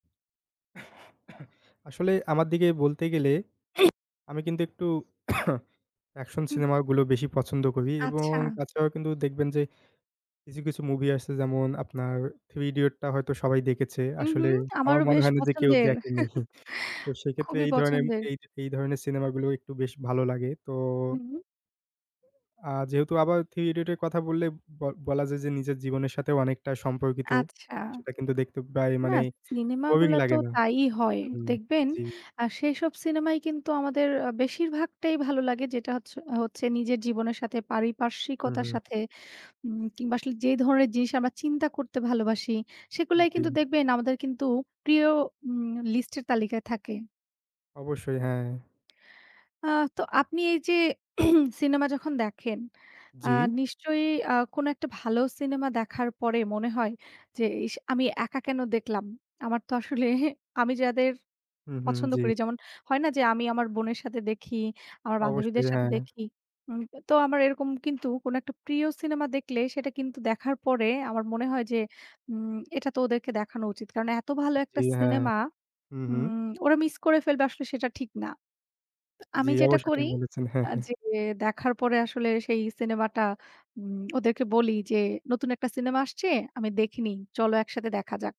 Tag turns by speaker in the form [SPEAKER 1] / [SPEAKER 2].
[SPEAKER 1] আসলে আমার দিকে বলতে গেলে আমি কিন্তু একটু অ্যাকশন
[SPEAKER 2] হুম।
[SPEAKER 1] সিনেমা গুলো বেশি পছন্দ করি এবং
[SPEAKER 2] আচ্ছা।
[SPEAKER 1] তাছাড়াও কিন্তু দেখবেন যে কিছু, কিছু মুভি আছে যেমন, আপনার '3 Idiots' টা হয়তো সবাই দেখেছে,
[SPEAKER 2] উহু।
[SPEAKER 1] আসলে আমার
[SPEAKER 2] আমারও
[SPEAKER 1] মনে
[SPEAKER 2] বেশ
[SPEAKER 1] হয় না যে কেউ
[SPEAKER 2] পছন্দের।
[SPEAKER 1] দেখেনি, তো সেক্ষেত্রে
[SPEAKER 2] খুবই
[SPEAKER 1] এই ধরনের
[SPEAKER 2] পছন্দের।
[SPEAKER 1] এই, এই ধরনের সিনেমা গুলো একটু বেশ ভালো লাগে তো
[SPEAKER 2] হুম।
[SPEAKER 1] আ যেহেতু আবার '3 Idiots' এর কথা বললে ব বলা যায় যে নিজের জীবনের সাথেও অনেকটা সম্পর্কিত।
[SPEAKER 2] আচ্ছা।
[SPEAKER 1] সেটা কিন্তু দেখতে প্রায়
[SPEAKER 2] না
[SPEAKER 1] মানে
[SPEAKER 2] সিনেমা
[SPEAKER 1] বোরিং
[SPEAKER 2] গুলা তো
[SPEAKER 1] লাগে না।
[SPEAKER 2] তাই হয়।
[SPEAKER 1] হুম
[SPEAKER 2] দেখবেন
[SPEAKER 1] জি।
[SPEAKER 2] আ সেইসব সিনেমাই কিন্তু আমাদের অ বেশিরভাগটাই ভালো লাগে যেটা হচ্ছে অ হচ্ছে নিজের জীবনের সাথে
[SPEAKER 1] হু,
[SPEAKER 2] পারিপার্শ্বিকতার
[SPEAKER 1] হু।
[SPEAKER 2] সাথে উম কিংবা আসলে যে ধরনের জিনিস আমরা চিন্তা করতে ভালোবাসি, সেগুলাই কিন্তু
[SPEAKER 1] জি।
[SPEAKER 2] দেখবেন আমাদের কিন্তু প্রিয় উম লিস্টের তালিকায় থাকে।
[SPEAKER 1] অবশ্যই হ্যাঁ।
[SPEAKER 2] আ তো আপনি এই যে সিনেমা যখন দেখেন, আ
[SPEAKER 1] জি?
[SPEAKER 2] নিশ্চয়ই আ কোন একটা ভালো সিনেমা দেখার পরে মনে হয় যে, "ইস! আমি একা কেন দেখলাম।" আমার তো আসলে আমি যাদের
[SPEAKER 1] উহু।
[SPEAKER 2] পছন্দ
[SPEAKER 1] জি।
[SPEAKER 2] করি, যেমন হয় না যে আমি আমার বোনের সাথে দেখি, আমার বান্ধবীদের
[SPEAKER 1] অবশ্যই
[SPEAKER 2] সাথে
[SPEAKER 1] হ্যাঁ।
[SPEAKER 2] দেখি। উম তো আমার এরকম কিন্তু কোনো একটা প্রিয় সিনেমা দেখলে সেটা কিন্তু দেখার পরে আমার মনে হয় যে, উম "এটা তো ওদেরকে দেখানো উচিত।" কারণ এত ভালো একটা
[SPEAKER 1] জি হ্যাঁ,
[SPEAKER 2] সিনেমা।
[SPEAKER 1] উহু।
[SPEAKER 2] উম ওরা মিস করে ফেলবে আসলে সেটা ঠিক না। তো
[SPEAKER 1] জি
[SPEAKER 2] আমি যেটা
[SPEAKER 1] অবশ্যই ঠিক
[SPEAKER 2] করি
[SPEAKER 1] বলেছেন। হ্যাঁ,
[SPEAKER 2] আ
[SPEAKER 1] হ্যাঁ।
[SPEAKER 2] যে দেখার পরে আসলে সেই সিনেমাটা উম ওদেরকে বলি যে "নতুন একটা সিনেমা আসছে আমি দেখিনি। চলো একসাথে দেখা যাক।"